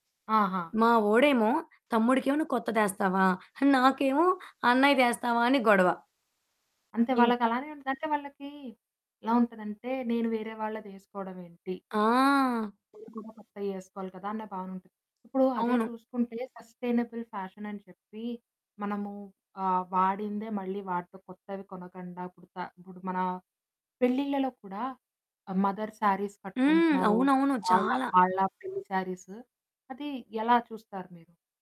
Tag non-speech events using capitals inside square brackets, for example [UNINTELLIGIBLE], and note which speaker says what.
Speaker 1: ఆహా!
Speaker 2: మా వాడేమో తమ్ముడికేమో నువ్వు కొత్త‌దేస్తావా? నాకేమో అన్నయ్య‌దేస్తావా? అని గొడవ.
Speaker 1: అం‌తే
Speaker 2: ఇంక
Speaker 1: వాళ్ళకి అలానే ఉంటది. అంటే వాళ్ళకి ఎలా ఉంటదంటే నేను వేరే వాళ్ళదేసుకోడమేంటి?
Speaker 2: ఆ!
Speaker 1: [UNINTELLIGIBLE] కొత్తయి వేసుకోవాలి కదా అన్న భావనుంటది. ఇప్పుడు అదే
Speaker 2: అవును.
Speaker 1: చూసుకుంటే సస్టెయినబుల్ ఫ్యాషన్ అని చెప్పి మనము ఆహ్, వాడిందే మళ్ళీ వాడతాం. కొత్తవి కొనకుండా ఇప్పుడు త ఇప్పుడు మన పెళ్ళిళ్ళలో కూడా మదర్ శారీస్
Speaker 2: హ్మ్.
Speaker 1: కట్టుకుంటున్నారు.
Speaker 2: అవునవును
Speaker 1: వాళ్ళ
Speaker 2: చాలా.
Speaker 1: వాళ్ళ పెళ్లి శారీసు అది ఎలా చూస్తారు మీరు?